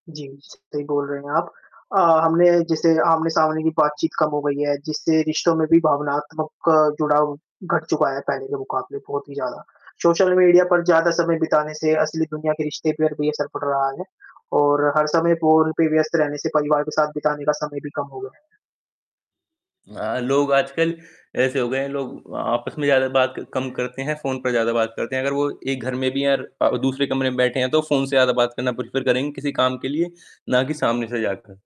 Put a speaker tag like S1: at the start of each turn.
S1: जी, सही बोल रहे हैं आप। अ, हमने जैसे आमने-सामने की बातचीत कम हो गई है, जिससे रिश्तों में भी भावनात्मक जुड़ाव घट चुका है पहले के मुकाबले बहुत ही ज़्यादा, सोशल मीडिया पर ज़्यादा समय बिताने से असली दुनिया के रिश्ते पर भी असर पड़ रहा है और हर समय फ़ोन पे व्यस्त रहने से परिवार के साथ बिताने का समय भी कम हो गया है।
S2: हाँ, लोग आजकल ऐसे हो गए हैं, लोग आपस में ज़्यादा बात कम करते हैं, फ़ोन पे ज़्यादा बात करते हैं। अगर वो एक घर में भी हैं र अ, दूसरे कमरे में भी बैठे हैं तो फ़ोन से ज़्यादा बात करना प्रेफर करेंगे किसी काम के लिए, ना कि सामने से जाकर।